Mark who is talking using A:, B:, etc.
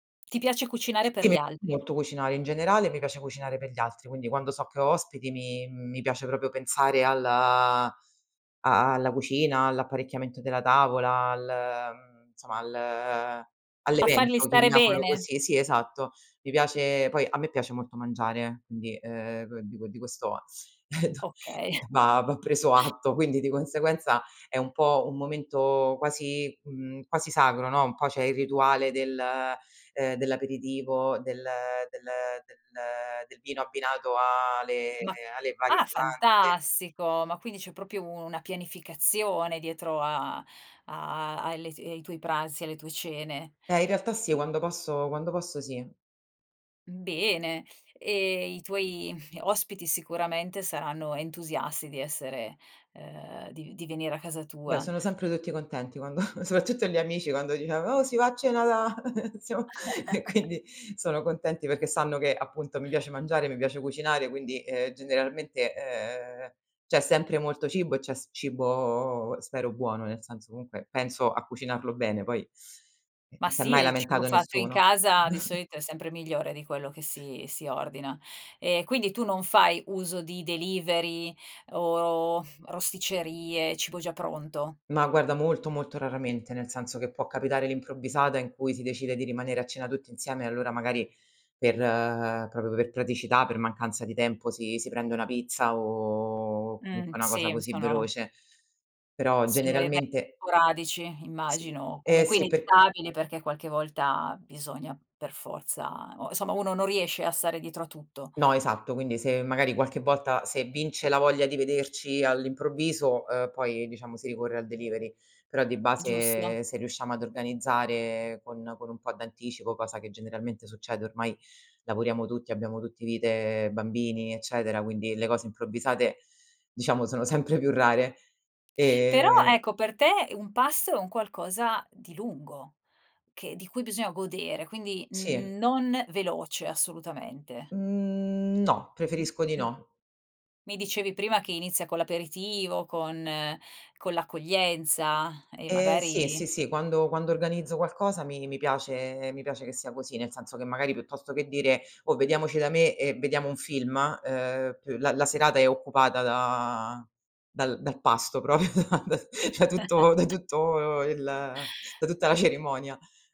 A: Ti piace cucinare per
B: Sì
A: gli altri.
B: molto cucinare, in generale e mi piace cucinare per gli altri, quindi quando so che ho ospiti mi mi piace proprio pensare al a a alla cucina, all'apparecchiamento della tavola, al mhmm, somma al
A: A farli
B: all'evento,
A: stare
B: chiamiamolo
A: bene.
B: così. Sì, esatto. Mi piace poi a me piace molto mangiare, quindi, uhm, dico di questo
A: Okay.
B: va va preso atto. Quindi di conseguenza è un po' un momento quasi, mhmm, quasi sacro, no, un po' c'è il rituale del, ehm, dell'aperitivo, del del del del vino
A: q
B: abbinato a le
A: Ma
B: alle varie
A: ah
B: pietanze.
A: fantastico, ma quindi c'è proprio u una pianificazione dietro a a alle ai tuoi pranzi, alle tue cene?
B: Eh, in realtà sì, quando posso quando posso sì.
A: Mhmm, bene, e i tuoi ospiti sicuramente saranno entusiasti di essere, ehm, di di venire a casa
B: Beh,
A: tua.
B: sono sempre tutti contenti quando soprattutto gli amici quando diciamo: "Oh si va a cena da siamo" e quindi sono contenti perché sanno che, appunto mi piace mangiare, mi piace cucinare, quindi, uhm, generalmente, uhm, c'è sempre molto cibo e c'è s cibo spero buono, nel senso comunque penso a cucinarlo bene, poi
A: Ma
B: non s'è
A: sì,
B: mai
A: e il cibo
B: lamentato
A: fatto in
B: nessuno.
A: casa di solito è sempre migliore di quello che si si ordina. Ehm, quindi tu non fai uso di delivery o rosticcerie, cibo già pronto?
B: No, guarda molto molto raramente, nel senso che può capitare all'improvvisata in cui si decide di rimanere a cena tutti insieme e allora magari per proprio per praticità, per mancanza di tempo si si prende una pizza o
A: Mh,
B: comunque una cosa
A: sì,
B: così
A: sono
B: veloce. Però
A: sono even
B: generalmente
A: sporadici
B: Sì.
A: immagino,
B: Eh,
A: comunque
B: sì per
A: inevitabile, perché qualche volta bisogna per forza o insomma uno non riesce a stare dietro a tutto.
B: No, esatto. Quindi se magari qualche volta se vince la voglia di vederci all'improvviso, uhm, poi diciamo si ricorre al delivery. Però di
A: Giusto.
B: base se riusciamo ad organizzare con con un po' d'anticipo, cosa che generalmente succede, ormai lavoriamo tutti, abbiamo tutti vite bambini, eccetera, quindi le cose improvvisate diciamo sono sempre più rare,
A: Però
B: e
A: ecco, per te un pasto è un qualcosa di lungo che di cui bisogna godere, quindi
B: Sì.
A: n non veloce assolutamente.
B: Mhmm, no,
A: M
B: preferisco di
A: [unintelligible]
B: no.
A: mi dicevi prima che inizia con l'aperitivo, con con l'accoglienza e
B: Eh, sì, sì,
A: magari
B: sì. Quando quando organizzo qualcosa mi mi piace mi piace che sia così, nel senso che magari piuttosto che dire: "Oh, vediamoci da me e vediamo un film" uhm, p la la serata è occupata da dal dal pasto proprio da da tutto da tutto il da tutta la cerimonia.